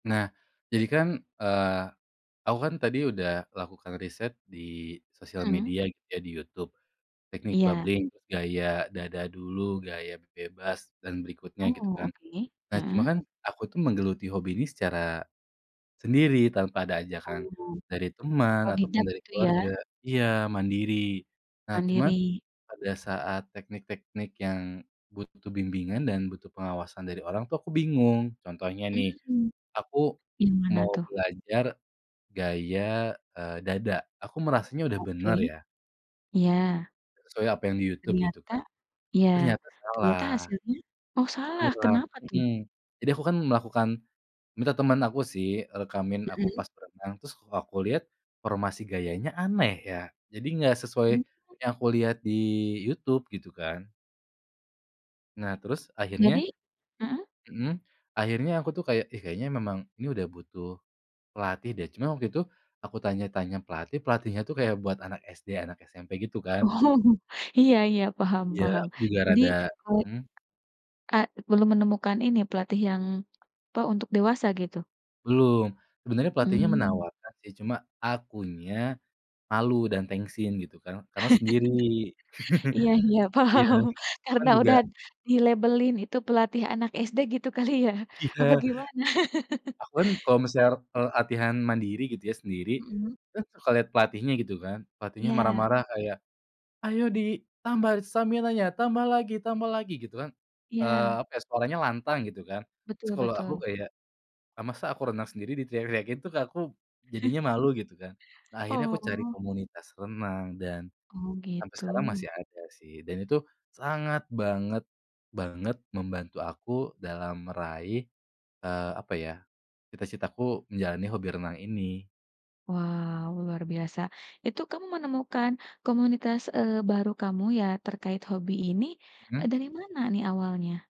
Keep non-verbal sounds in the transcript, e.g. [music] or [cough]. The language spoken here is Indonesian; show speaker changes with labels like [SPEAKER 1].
[SPEAKER 1] Nah, jadi kan, eee, aku kan tadi udah lakukan riset di sosial
[SPEAKER 2] Mmm.
[SPEAKER 1] media, gitu ya, di YouTube. Teknik
[SPEAKER 2] Iya.
[SPEAKER 1] bubbling, gaya dada dulu, gaya bebas, dan berikutnya, gitu
[SPEAKER 2] Oh,
[SPEAKER 1] kan.
[SPEAKER 2] oke,
[SPEAKER 1] Nah, cuma
[SPEAKER 2] mhm.
[SPEAKER 1] kan, aku tuh menggeluti hobi ini secara sendiri, tanpa ada ajakan
[SPEAKER 2] Mmm,
[SPEAKER 1] dari teman ataupun
[SPEAKER 2] otodidak,
[SPEAKER 1] dari
[SPEAKER 2] gitu ya?
[SPEAKER 1] keluarga. Iya, mandiri. Nah cuma,
[SPEAKER 2] Mandiri.
[SPEAKER 1] pada saat teknik-teknik yang, butuh bimbingan dan butuh pengawasan dari orang tuh, aku bingung. Contohnya nih,
[SPEAKER 2] Mmm,
[SPEAKER 1] aku
[SPEAKER 2] yang mana
[SPEAKER 1] mau
[SPEAKER 2] tuh?
[SPEAKER 1] belajar gaya, eee, dada. Aku merasanya udah
[SPEAKER 2] Oke,
[SPEAKER 1] benar, ya.
[SPEAKER 2] iya.
[SPEAKER 1] Sesuai apa yang di YouTube, gitu
[SPEAKER 2] Ternyata
[SPEAKER 1] kan.
[SPEAKER 2] iya.
[SPEAKER 1] Ternyata
[SPEAKER 2] Ternyata
[SPEAKER 1] salah.
[SPEAKER 2] hasilnya? Oh, salah?
[SPEAKER 1] Kurang
[SPEAKER 2] Kenapa, tuh?
[SPEAKER 1] mhm. Jadi aku kan melakukan minta teman aku sih, rekamin aku
[SPEAKER 2] Mhm.
[SPEAKER 1] pas berenang. Terus, kok aku lihat, formasi gayanya aneh, ya. Jadi, nggak sesuai
[SPEAKER 2] Mm
[SPEAKER 1] yang aku lihat di YouTube, gitu kan. Nah, terus
[SPEAKER 2] Jadi?
[SPEAKER 1] akhirnya
[SPEAKER 2] Mhm?
[SPEAKER 1] mhm, akhirnya aku tuh kayak, "Ih, kayaknya memang ini udah butuh pelatih, deh." Cuma, waktu itu, aku tanya-tanya pelatih, pelatihnya tuh kayak buat anak SD, anak SMP, gitu kan.
[SPEAKER 2] Oh, iya iya, paham
[SPEAKER 1] Iya,
[SPEAKER 2] paham.
[SPEAKER 1] aku juga
[SPEAKER 2] Jadi,
[SPEAKER 1] rada
[SPEAKER 2] kole
[SPEAKER 1] mhm?
[SPEAKER 2] Eee, belum menemukan ini, pelatih yang, pa, untuk dewasa, gitu?
[SPEAKER 1] Belum. Sebenarnya pelatihnya
[SPEAKER 2] Mmm.
[SPEAKER 1] menawarkan, sih. Cuma, akunya malu dan tengsin, gitu kan. Karena sendiri. [laughs]
[SPEAKER 2] [laughs] Iya iya,
[SPEAKER 1] Iya,
[SPEAKER 2] paham.
[SPEAKER 1] aku kan
[SPEAKER 2] Karena
[SPEAKER 1] juga
[SPEAKER 2] udah ad dilabelin itu pelatih anak SD, gitu kali, ya?
[SPEAKER 1] Iya.
[SPEAKER 2] Apa gimana?
[SPEAKER 1] Aku kan,
[SPEAKER 2] [laughs]
[SPEAKER 1] kalau
[SPEAKER 2] Ya.
[SPEAKER 1] misalnya re kalo latihan mandiri, gitu ya, sendiri,
[SPEAKER 2] Mhm.
[SPEAKER 1] kan suka lihat pelatihnya, gitu kan. Pelatihnya
[SPEAKER 2] Iya.
[SPEAKER 1] marah-marah, kayak, "Ayo, ditambah d staminanya! Tambah lagi, tambah lagi!" gitu kan. Eee,
[SPEAKER 2] Iya.
[SPEAKER 1] apa ya, suaranya lantang, gitu kan. S
[SPEAKER 2] Betul
[SPEAKER 1] kalau aku
[SPEAKER 2] betul.
[SPEAKER 1] kayak, "Ah, masa aku renang sendiri diteriak-teriakin," tuh, kayak aku, jadinya
[SPEAKER 2] [chuckles]
[SPEAKER 1] malu, gitu kan. Nah, akhirnya aku cari
[SPEAKER 2] Oh.
[SPEAKER 1] komunitas renang, dan-
[SPEAKER 2] Oh,
[SPEAKER 1] sampai sekarang
[SPEAKER 2] gitu.
[SPEAKER 1] masih ada, sih- dan itu sangat banget-banget membantu aku dalam meraih, eee, apa ya, cita-citaku menjalani hobi renang ini.
[SPEAKER 2] Wow, luar biasa. Itu kamu menemukan komunitas, eee, baru kamu ya, terkait hobi ini, e
[SPEAKER 1] Mhm.
[SPEAKER 2] dari mana nih, awalnya?